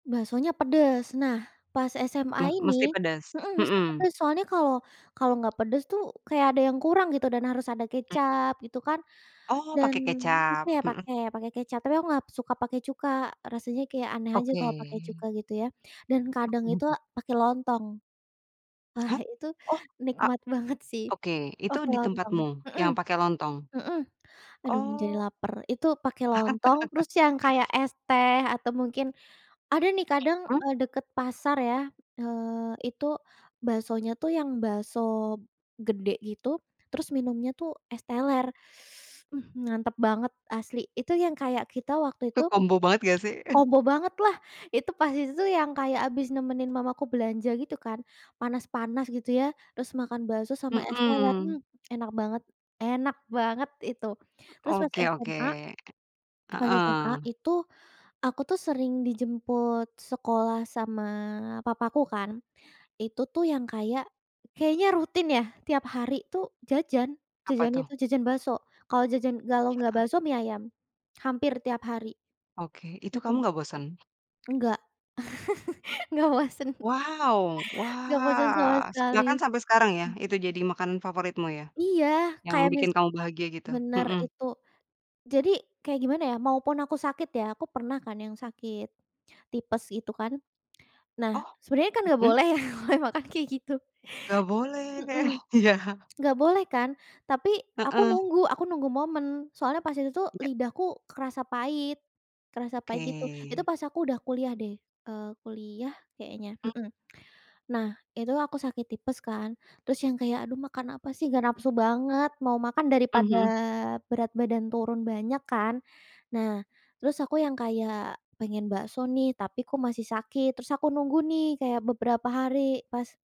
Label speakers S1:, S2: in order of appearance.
S1: Baksonya pedes. Nah pas SMA
S2: Me
S1: ini
S2: mesti pedas.
S1: mhm, mesti
S2: Mhm.
S1: pedes soalnya kalau kalau nggak pedes tuh kayak ada yang kurang gitu dan harus ada
S2: Hmm.
S1: kecap gitu kan,
S2: Oh
S1: dan
S2: pake
S1: suka
S2: kecap,
S1: ya
S2: mhm.
S1: pakai pakai kecap. Tapi aku nggak suka pakai cuka, rasanya kayak aneh aja
S2: Oke.
S1: kalau pakai cuka gitu ya. Dan kadang
S2: Mhm
S1: itu
S2: mhm.
S1: pakai lontong. Wah,
S2: Hah?
S1: itu
S2: Oh, a
S1: nikmat banget sih
S2: oke itu
S1: pakai
S2: di
S1: lontong.
S2: tempatmu
S1: Mhm,
S2: yang pake lontong?
S1: mhm, aduh jadi
S2: Oh.
S1: laper. Itu pakai lontong terus yang kayak es teh atau mungkin ada nih kadang,
S2: Mhm.
S1: eee, deket pasar ya, eee, itu baksonya tuh yang bakso gede gitu. Terus minumnya tuh es teler. Mhm, mantap banget asli. Itu yang kayak kita waktu
S2: Itu
S1: itu
S2: kombo banget nggak sih? Heeh.
S1: kombo bangetlah itu pas itu tuh yang kayak habis nemenin mama aku belanja gitu kan, panas-panas gitu ya, terus makan bakso sama es teler. Hmm,
S2: Mhm.
S1: enak banget enak banget itu. Terus pas
S2: Oke oke,
S1: SMA pas SMA
S2: heeh.
S1: itu aku tuh sering dijemput sekolah sama papaku kan itu tuh yang kayak, kayaknya rutin ya tiap hari tuh jajan,
S2: Apa
S1: jajannya
S2: tuh?
S1: itu jajan bakso. Kalau jajan kalau nggak
S2: Heeh.
S1: bakso mie ayam, hampir tiap hari.
S2: Oke, itu kamu
S1: Mhm.
S2: nggak bosen?
S1: Nggak, nggak bosen.
S2: Wow!
S1: Nggak bosen sama
S2: Wah! Se
S1: sekali.
S2: bahkan sampai sekarang ya
S1: Hmm.
S2: itu jadi makanan favoritmu ya?
S1: Iya
S2: Yang
S1: kayak mis
S2: bikin kamu bahagia gitu?
S1: bener
S2: Mhm.
S1: itu. Jadi kayak gimana ya, maupun aku sakit ya aku pernah kan yang sakit tipes itu kan. Nah
S2: Oh,
S1: sebenarnya kan nggak
S2: mhm.
S1: boleh ya makan-makan kayak gitu.
S2: Nggak boleh,
S1: Mhm,
S2: iya.
S1: nggak boleh kan, tapi aku
S2: Heeh.
S1: nunggu aku nunggu momen soalnya pas itu tuh
S2: Iya.
S1: lidahku kerasa pahit kerasa pahit gitu. Itu
S2: Oke.
S1: pas aku udah kuliah deh, eee, kuliah kayaknya,
S2: Hmm.
S1: mhm. Nah itu aku sakit tipes kan terus yang kayak, "Aduh makan apa sih nggak nafsu banget mau makan," daripada
S2: Mhm.
S1: berat badan turun banyak kan. Nah terus aku yang kayak, "Pengen bakso nih tapi kok masih sakit," terus aku nunggu nih kayak beberapa hari pas